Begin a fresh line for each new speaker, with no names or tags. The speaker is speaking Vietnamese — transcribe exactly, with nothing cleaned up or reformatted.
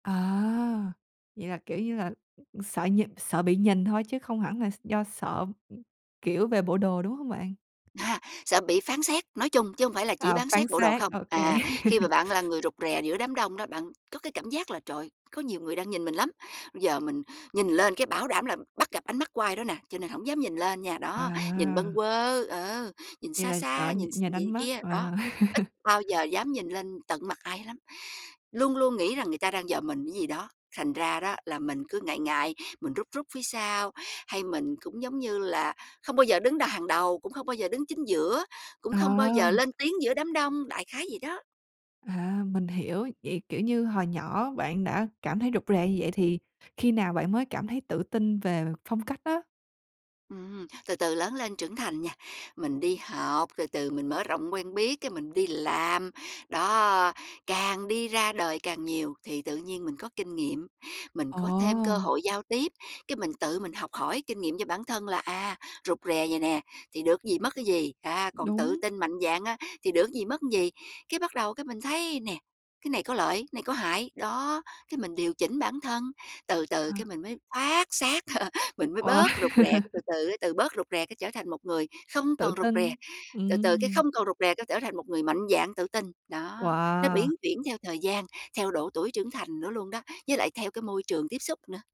À, vậy là, kiểu như là, ừm, sợ nh sợ bị nhìn thôi chứ không hẳn là s do sợ, kiểu, về bộ đồ, đúng hông bạn?
À, sợ bị phán xét nói chung chứ hông phải là chỉ
À,
bán
phán
xét bộ đồ
xét,
không.
OK.
À, khi mà bạn là người rụt rè giữa đám đông đó, bạn có cái cảm giác là, trời, có nhiều người đang nhìn mình lắm, ư giờ mình nhìn lên cái bảo đảm là bắt gặp ánh mắt của ai đó nè, cho nên hổng dám nhìn lên nha. Đó, nhìn bâng
À.
quơ ờ, nhìn
Vậy
xa
là sợ
xa,
nh
nhìn x
nhìn ánh
nhìn
mắt,
kia,
ờ.
đó, ít bao giờ dám nhìn lên tận mặt ai lắm, luôn luôn nghĩ rằng người ta đang dòm mình cái gì đó, thành ra đó là mình cứ ngại ngại, mình rúc rúc phía sau. Hay mình cũng, giống như là, không bao giờ đứng đà hàng đầu, cũng không bao giờ đứng chính giữa, cũng
Ờ.
không bao giờ lên tiếng giữa đám đông, đại khái vậy đó.
À, mình hiểu, vậy, kiểu như, hồi nhỏ bạn đã cảm thấy rụt rè như vậy thì khi nào bạn mới cảm thấy tự tin về phong cách á?
Ừm, từ từ lớn lên trưởng thành nha, mình đi học, từ từ mình mở rộng quen biết, cái mình đi làm, đó, càng đi ra đời càng nhiều thì tự nhiên mình có kinh nghiệm, mình có thêm cơ
Ồ!
hội giao tiếp, cái mình tự mình học hỏi kinh nghiệm cho bản thân là, à, rụt rè vậy nè, thì được ý gì, mất cái gì, a, còn tự
Đúng.
tin mạnh dạn á thì được ý gì, mất ý gì. Cái bắt đầu cái mình thấy nè, cái này có lợi, này có hại, đó, cái mình điều chỉnh bản thân, từ từ cái
À.
mình mới thoát xác, mình mới
Wow!
bớt rụt rè, cái từ từ á, từ bớt rụt rè cái trở thành một người không
Tự
còn rụt rè,
tin,
từ từ cái
ừm.
không còn rụt rè cái trở thành một người mạnh dạn tự tin. Đó, nó
Wow!
biến chuyển theo thời gian, theo độ tuổi trưởng thành nữa luôn đó, với lại theo cái môi trường tiếp xúc nữa.